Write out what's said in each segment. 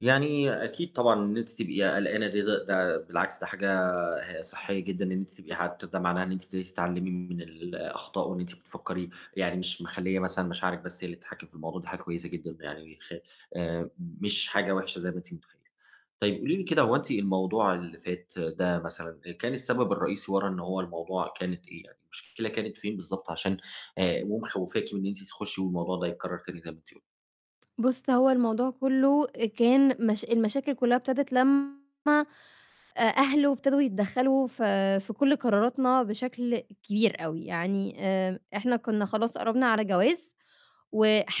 يعني أكيد طبعًا وإن أنتِ تبقي قَلقانة دي ده ده بالعكس ده حاجة ه صحّية جدًا إن أنتِ تبقي حتة وده معناها إن أنتِ بت تتعلّمي من الأخطاء وإن أنتِ بتفكّري، يعني مش مِخليّة مثلًا مشاعرِك بس هي اللي تتحكّم في الموضوع، ده حاجة كويسة جدًا م يعني خ آآ م مش حاجة وِحشة زي ما أنتِ مُتخيّلة. طيب قولي لي كده، هو أنتِ الموضوع اللي فات ده مثلًا آآ، كان السَبب الرئيسي ورا إن هو الموضوع كانت إيه يعني، المشكلة كانت فين بالضبط، عشان آآ، ومخوّفاكِ من إن أنتِ تخُشّي والموضوع ده يتكرر تاني زي ما أنتِ قل بُص، هو الموضوع كلّه آآ، كان مش المشاكل كلّها ابتدِت لمّا آآ، أهلُه ابتدوا يتدخَّلوا ف في كل قراراتنا بشَكل كبير أوي، يعني آمم، إحنا كنّا خلاص قرّبنا على جواز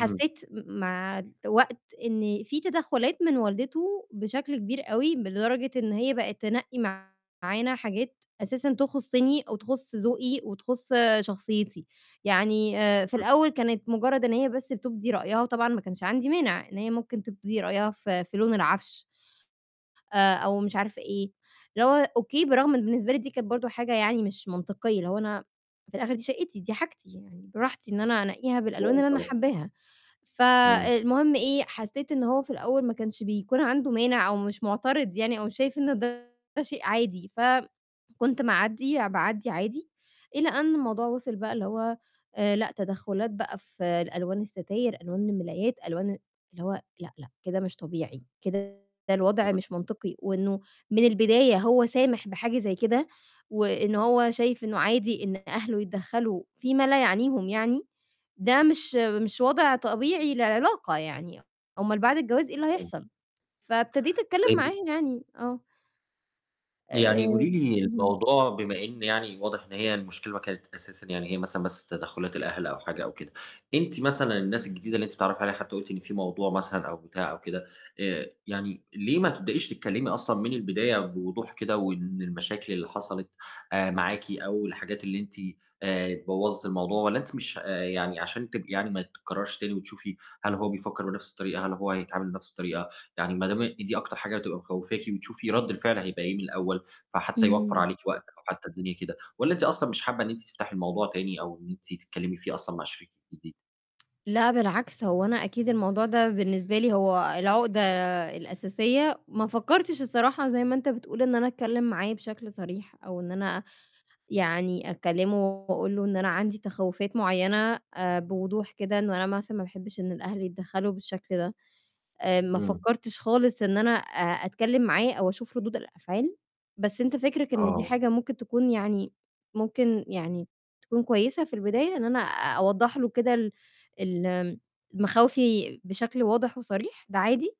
إمم. م مع الوقت إنّي في تدخُّلات من والدته بشَكل كبير أوي، ب لدرجة إن هي بقت تنقّي معانا حاجات أساسًا تخُصّني أو تخُص ذوقي وتخُص شخصيتي، يعني آآ، في إمم. الأول كانت مُجرّد إن هي بس بتُبدي رأيها وطبعًا ما كانش عندي مانِع إن هي ممكن تُبدي رأيها ف في لون العَفش آآ، أو مش عارفة إيه، اللي هو أوكي، برَغم إن بالنسبة لي دي كانت برضه حاجة يعني مش مَنطقيّة، اللي هو أنا في الآخر دي شَقّتي، دي حاجتي، يعني براحتي إن أنا أنقّيها بالألوان فاهم اللي أنا طبعًا. حَبّاها. إمم. فالمهم إيه، حسّيت إن هو في الأول ما كانش بيكون عنده مانع أو مش مُعترض يعني أو مش شايف إن ده شيء عادي، فم كنت مَعدّية، باعدّي عادي، إلى أن الموضوع وِصل بقى اللي هو آآ، لأ تدخُّلات بقى في ال ألوان السَتاير، ألوان المِلايات، ألوان آآ، اللي هو لأ، لأ، كده مش طبيعي، كده الوَضع همم. مش مَنطقي وإنه من البداية هو سامِح بحاجة زي كده وإنه هو شايف إنه عادي إن أهلُه يتدخَّلوا في ما لا يعنيهم يعني، ده مش مش وَضع طبيعي للعلاقة يعني، أومال بعد الجواز إيه اللي [unintelligible] هيحصل؟! فابتديت أتكلّم طيب معاه و يعني، آه. آآ، يعني قولي لي اهم. الموضوع بما إن يعني واضح إن هي المشكلة ما كانت أساسًا يعني هي مثلًا بس تدخُّلات الأهل أو حاجة أو كده. أنتِ مثلًا الناس الجديدة اللي أنتِ بتتعرّفي عليها حتى قُلتِ إن في موضوع مثلًا أو بتاع أو كده، آآ، يعني ليه ما تبدأيش تتكلّمي أصلًا من البداية بوضوح كده وإن المشاكل اللي حصلت آآ، معاكِ أو الحاجات اللي أنتِ آآ بوّظِت الموضوع والّا أنتِ مش ه آآ، يعني عشان تبقي يعني ما تتكرّرش تاني وتشوفي هل هو بيفكّر بنَفْس الطريقة، هل هو هيتعامل بنَفْس الطريقة، يعني ما دام إن دي أكتر حاجة هتبقى مخوفاكِ وتشوفي رَد الفِعل هيبقى إيه من الأول، فحتى يوفَّر إمم. عليكِ وقت أو حتى الدنيا كده والّا أنتِ أصلًا مش حابّة إن أنتِ تفتحي الموضوع تاني أو إن أنتِ تتكلّمي فيه أصلًا مع شريكِك الجديد؟ لأ، بالعكس هو أنا أكيد الموضوع ده بالنسبة لي هو العُقدة الأساسية، ما فكَّرتش الصراحة زي ما أنت بتقول إن أنا أتكلّم معاه بشَكل صريح أو إن أنا يعني أكلّمه وأقول له إن أنا عندي تَخَوّفات معيّنة آآ، بوضوح كده إنه أنا مثلًا ما باحبِش إن الأهل يتدخَّلوا بالشَكل ده. آآ، ما إمم. فكَّرتش خالص إن أنا أ أتكلّم معاه أو أشوف رُدود الأفعال، بس أنت فِكرِك إن دي آه. حاجة ممكن تكون يعني ممكن يعني تكون كويسة في البداية إن أنا أ أوضَّح له كده ال الم ال مَخاوفي بشَكل واضح وصريح، ده عادي؟